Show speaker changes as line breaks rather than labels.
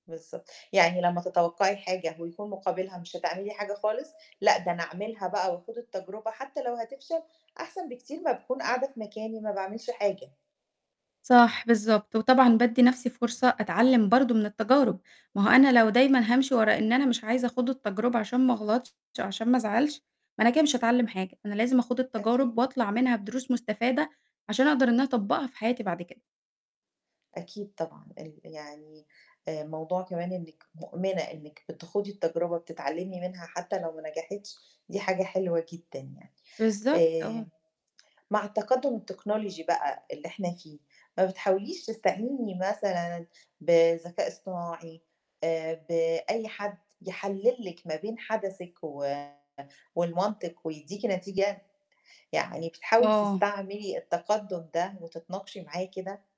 بالضبط. يعني لما تَتَوقّعي حاجة، ويكون مُقابِلها مش هتعملي حاجة خالص، لأ ده أنا أعملها بقى وأخوض التجربة حتى لو هتفشل، أحسن بكتير ما باكون قاعدة في مكاني ما باعملش حاجة.
صح بالضبط. وطبعًا بادّي نَفْسي فرصة أتعلّم برضه من التجارب، ما هو أنا لو دايمًا هامشي ورا إن أنا مش عايزة أخوض التجربة عشان ما أغلطش عشان ما أزعلش، ما أنا كده مش هاتعلّم حاجة. أنا لازم أخوض
أكيد.
التجارب وأطلع منها بدروس مستفادة، عشان أقدر إن أنا أطبّقها في حياتي بعد كده.
أكيد طبعًا، ال يعني آآ موضوع كمان إنِّك مؤمنة إنِّك بتخوضي التجربة، بتتعلّمي منها حتى لو ما نجحِتش، دي حاجة حلوة جدًا يعني.
بالضبط،
آآ
آه.
مع التقدّم التكنولوجي بقى اللي إحنا فيه، ما بتحاوليش تستعيني مثلًا بذكاء اصطناعي، آآ بأي حد يحلّل لِك ما بين حَدَسِك و والمنطق ويدّيكِ نتيجة، يعني بتحاولي
آه.
تستعملي التقدّم ده وتتناقشي معاه كده؟